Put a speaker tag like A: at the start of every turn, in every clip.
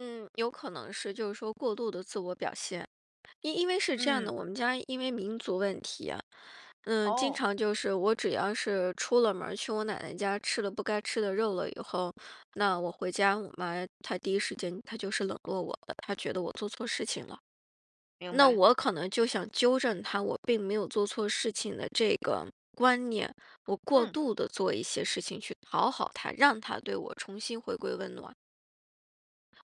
A: 嗯，有可能是，就是说过度的自我表现，因因为是这样的，
B: 嗯。
A: 我们家因为民族问题呀，嗯，经
B: 哦。
A: 常就是我只要是出了门儿，去我奶奶家吃了不该吃的肉了以后，那我回家，我妈她第一时间她就是冷落我了，她觉得我做错事情了。
B: 明
A: 那
B: 白。
A: 我可能就想纠正她，我并没有做错事情的这个观念，我过
B: 嗯。
A: 度地做一些事情去讨好她，让她对我重新回归温暖。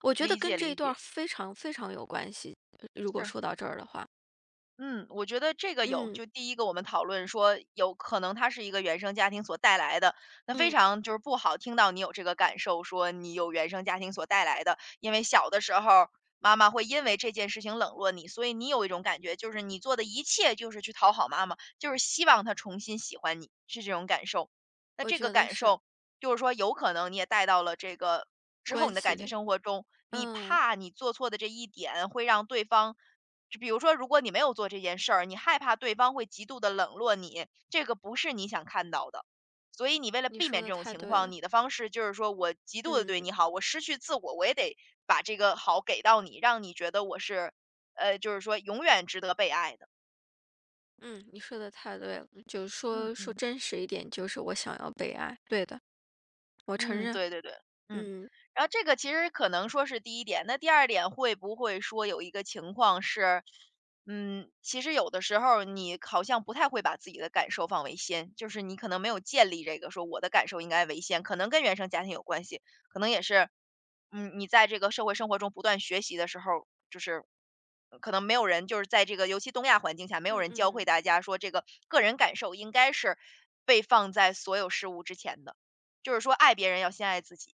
A: 我觉得
B: 理解，
A: 跟这一
B: 理
A: 段儿
B: 解。
A: 非常非常有关系，呃，如果
B: 是。
A: 说到这儿的话。
B: 嗯，我觉得这个有
A: 嗯。
B: 就第一个我们讨论说，有可能它是一个原生家庭所带来的，那非
A: 嗯。
B: 常就是不好听到你有这个感受，说你有原生家庭所带来的，因为小的时候儿，妈妈会因为这件事情冷落你，所以你有一种感觉，就是你做的一切就是去讨好妈妈，就是希望她重新喜欢你，是这种感受。那
A: 我
B: 这个
A: 觉得
B: 感
A: 是。
B: 受，就是说有可能你也带到了这个之后
A: 关
B: 你的
A: 系
B: 感情
A: 里，
B: 生活中，你
A: 嗯。
B: 怕你做错的这一点会让对方比如说如果你没有做这件事儿，你害怕对方会极度地冷落你，这个不是你想看到的，所以你为了
A: 你
B: 避
A: 说
B: 免
A: 得
B: 这种
A: 太
B: 情
A: 对
B: 况，
A: 了。
B: 你的方式就是说我极度地对
A: 嗯。
B: 你好，我失去自我，我也得把这个好给到你，让你觉得我是呃，就是说永远值得被爱的。
A: 嗯，你说得太对了，就
B: 嗯，
A: 说说
B: 嗯。
A: 真实一点，就是我想要被爱。对的。我承
B: 嗯，
A: 认，
B: 对对对。嗯，
A: 嗯。
B: 然后这个其实可能说是第一点，那第二点会不会说有一个情况是，嗯，其实有的时候儿你好像不太会把自己的感受放为先，就是你可能没有建立这个说我的感受应该为先，可能跟原生家庭有关系。可能也是，嗯，你在这个社会生活中不断学习的时候儿，就是可能没有人就是在这个尤其东亚环境下，没有
A: 嗯，
B: 人教会
A: 嗯。
B: 大家说这个个人感受应该是被放在所有事物之前的，就是说爱别人要先爱自己。